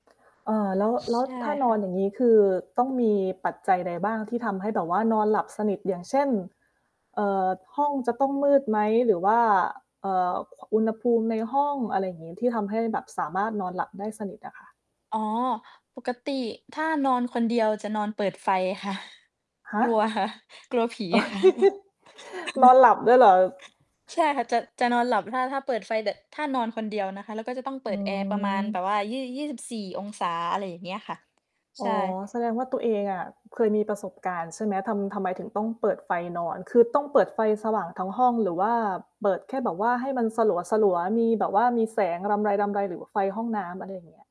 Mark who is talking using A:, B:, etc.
A: เอ่อ แล้ว แล้
B: ใช
A: ว
B: ่
A: ถ้าน
B: ค่
A: อ
B: ะ
A: นอย่างงี้คือต้องมีปัจจัยใดบ้างที่ทำให้แบบว่านอนหลับสนิท อย่างเช่น เอ่อ ห้องจะต้องมืดไหม? หรือว่า เอ่อ ค อุณหภูมิในห้อง อะไรอย่างงี้ ที่ทำให้แบบสามารถนอนหลับได้สนิทอะค่ะ
B: อ๋อ ปกติถ้านอนคนเดียวจะนอนเปิดไฟค่ะ
A: ฮ
B: ก
A: ะ
B: ลัวค่ะ กลัวผีอ่ะค่ะ
A: นอนหลับด้วยเหรอ?
B: ใช่ค่ะ จะ จะนอนหลับ ถ้า ถ้าเปิดไฟ แบบ ถ้านอนคนเดียวนะคะ แล้วก็จะต้องเป
A: อ
B: ิ
A: ื
B: ดแอร์ประมาณแบ
A: ม
B: บว่า ยี่ 24 องศา อะไรอย่างเงี้ยค่ะ
A: อ
B: ใช
A: ๋อ
B: ่
A: แสดงว่าตัวเองอะ เคยมีประสบการณ์ใช่ไหม? ทำ ทำไมถึงต้องเปิดไฟนอน คือต้องเปิดไฟสว่างทั้งห้องหรือว่าเปิดแค่แบบว่าให้มันสลัว ๆ มีแบบว่ามีแสงรำไร ๆ หรือไฟห้องน้ำ? อะไรอย่างเงี้ย